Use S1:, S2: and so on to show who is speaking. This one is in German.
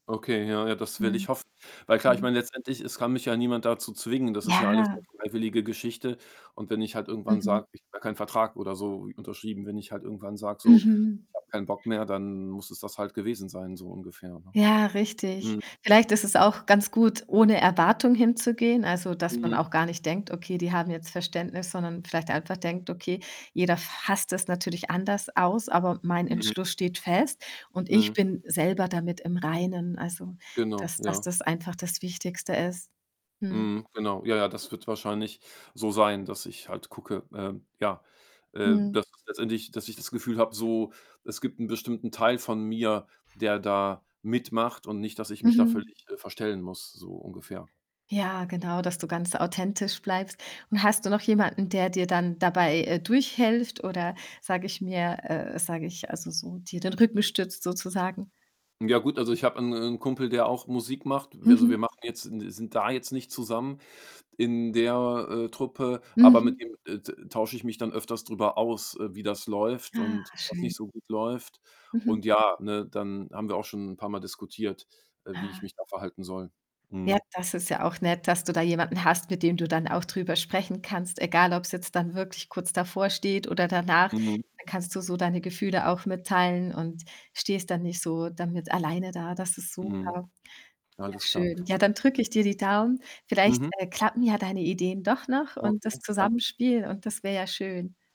S1: Okay, ja, ja, das will
S2: Mhm.
S1: ich hoffen. Weil klar, ich
S2: Mhm.
S1: meine letztendlich, es kann mich ja niemand dazu zwingen, das ist ja alles 'ne
S2: Ja.
S1: freiwillige Geschichte und wenn ich halt irgendwann
S2: Mhm.
S1: sage ich habe gar keinen Vertrag oder so, unterschrieben, wenn ich halt irgendwann sage, so:
S2: Mhm.
S1: „Ich habe keinen Bock mehr“, dann muss es das halt gewesen sein, so ungefähr, ne?
S2: Ja, richtig.
S1: Mhm.
S2: Vielleicht ist es auch ganz gut, ohne Erwartung hinzugehen, also, dass man
S1: Mhm.
S2: auch gar nicht denkt: „Okay, die haben jetzt Verständnis“, sondern vielleicht einfach denkt: „Okay, jeder fasst das natürlich anders aus, aber mein
S1: Mhm.
S2: Entschluss steht fest und ich
S1: Mhm.
S2: bin selber damit im Reinen, also
S1: Genau,
S2: dass dass
S1: ja.
S2: das einfach das Wichtigste ist.“ Mhm.
S1: Mhm, genau. Ja, ja, das wird wahrscheinlich so sein, dass ich halt gucke. Ähm, ja, äh,
S2: Mhm.
S1: dass ich letztendlich dass ich das Gefühl habe, so, es gibt 'n bestimmten Teil von mir, der da mitmacht, und nicht, dass ich mich da
S2: Mhm.
S1: völlig, äh, verstellen muss, so ungefähr.
S2: Ja, genau, dass du ganz authentisch bleibst und hast du noch jemanden, der dir dann dabei, äh, durchhilft oder sage ich mir äh, sage ich also so, dir den Rücken stützt, sozusagen?
S1: Ja gut, also, ich habe 'n 'n Kumpel, der auch Musik macht. Wir also, wir
S2: Mhm.
S1: machen jetzt n sind sind da jetzt nicht zusammen in der, äh, Truppe, aber mit
S2: Mhm.
S1: dem, äh, t tausche ich mich dann öfters drüber aus, äh, wie das läuft
S2: Ah,
S1: und was
S2: schön.
S1: nicht so gut läuft
S2: Mhm.
S1: und ja, ne, dann haben wir auch schon 'n paarmal diskutiert, äh, wie ich
S2: Ah.
S1: mich da verhalten soll.
S2: Ja,
S1: Mhm.
S2: das ist ja auch nett, dass du da jemanden hast, mit dem du dann auch drüber sprechen kannst, egal ob's jetzt dann wirklich kurz bevorsteht oder danach.
S1: Mhm.
S2: Da kannst du so deine Gefühle auch mitteilen und stehst dann nicht so damit alleine da. Das ist
S1: Mhm.
S2: super! Ja,
S1: Alles klar.
S2: schön. Ja, dann drücke
S1: [unintelligible]
S2: ich dir die Daumen. Vielleicht,
S1: Mhm.
S2: äh, klappen ja deine Ideen doch noch und das
S1: Okay, ja.
S2: Zusammenspiel und das wär ja schön.